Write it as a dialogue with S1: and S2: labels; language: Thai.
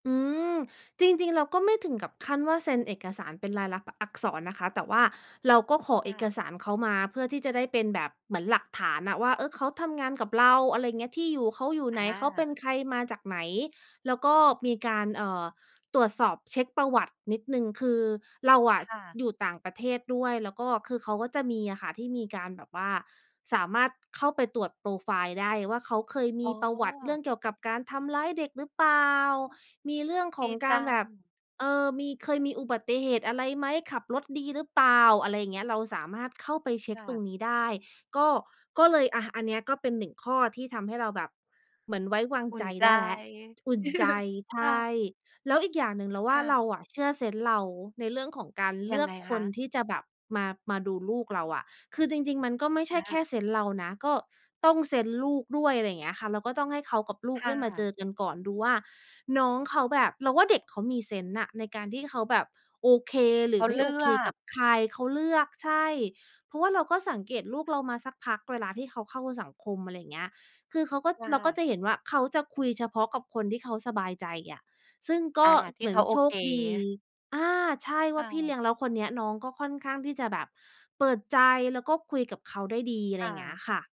S1: อืม จริง ๆ เราก็ไม่ถึงกับขั้นว่าเซ็นเอกสารเป็นลายลักษณ์ บ อักษรนะคะ แต่ว่าเราก็ขอ
S2: ค
S1: เอ
S2: ่ะ
S1: กสารเขามา เพื่อที่จะได้เป็นแบบ เหมือนหลักฐานน่ะว่า เออ เขาทำงานกับเรา อะไรอย่างเงี้ย ที่อยู่เขาอยู่
S2: อ
S1: ไหน เขาเป็น
S2: า
S1: ใครมาจากไหน แล้วก็มีการ เอ่อ ตรวจสอบเช็กประวัตินิดหนึ่ง คือเราอ
S2: ค
S1: ะ
S2: ่ะ
S1: อยู่ต่างประเทศด้วย แล้วก็คือเขาก็จะมีอะค่ะ ที่มีการแบบว่าสามารถเข้าไปตรวจโพรไฟล์ได้ว่า เขาเคยม
S2: อ๋
S1: ีประวัติเรื่
S2: อ
S1: องเกี่ยวกับการทำร้ายเด็กหรือเปล่า มีเรื่องข
S2: ด
S1: อ
S2: ี
S1: งก
S2: จ
S1: าร
S2: ั
S1: แบบ
S2: ง
S1: เออ มี เคยมีอุบัติเหตุอะไรไหม ขับรถดีหรือเปล่า อะไรอย่างเงี้ย เราสามารถเข้าไปเช็
S2: ค
S1: ก
S2: ่
S1: ตรง
S2: ะ
S1: นี้ได้ ก็ ก็เลย อา อันเนี้ยก็เป็น 1 ข้อ ที่ทำให้เราแบบ เหมือนไว้วาง
S2: อุ่
S1: ใจ
S2: นใจ
S1: ได้แล้ว อุ่นใจ ใช
S2: ค่ะ
S1: ่ แล้วอีกอย่างหนึ่ง เราว
S2: ค
S1: ่า
S2: ่
S1: เรา
S2: ะ
S1: อะเชื่อเซนส์เรา ในเรื่องของการ
S2: ย
S1: เล
S2: ั
S1: ื
S2: ง
S1: อ
S2: ไ
S1: ก
S2: งค
S1: ค
S2: ะ?
S1: นที่จะแบบมา มาดูลูกเราอะ คือจริง ๆ มันก็ไม่ใช
S2: อ
S1: ่แค่
S2: า
S1: เซนส์เรานะ ก็ต้องเซนส์ลูกด้วย อะไรอย่างเงี้ยค่ะ เราก็ต้องให้เขากับลู
S2: ค
S1: ก
S2: ่
S1: ได้มาเ
S2: ะ
S1: จอกันก่อน ดูว่าน้องเขาแบบ เราว่าเด็กเขามีเซนส์น่ะ ในการที่เขาแบบโอเค หร
S2: เข
S1: ือ
S2: า
S1: ไม
S2: เ
S1: ่
S2: ลื
S1: โอเค
S2: อ
S1: ก
S2: ก
S1: ับใคร เขาเลือก ใช่ เพราะว่าเราก็สังเกตลูกเรามาสักพักเวลาที่เขาเข้าสังคม อะไรอย่างเงี้ย คือเขาก็
S2: ค่
S1: เราก
S2: ะ
S1: ็จะเห็นว่า เขาจะคุยเฉพาะกับคนที่เขาสบายใจอะ ซึ่งก
S2: อ
S1: ็
S2: า ท
S1: เ
S2: ี
S1: ห
S2: ่
S1: มื
S2: เข
S1: อน
S2: าโอ
S1: โช
S2: เค
S1: คดี อา ใช่ ว
S2: ค
S1: ่
S2: ่
S1: าพี่เล
S2: ะ
S1: ี้ยง แล้วคนเนี้ยน้องก็ค่อนข้างที่จะแบบเปิดใจ แล้วก็คุยกับเขาได้ดี อะ
S2: ค
S1: ไร
S2: ่
S1: อย่างเงี้
S2: ะ
S1: ยค่ะ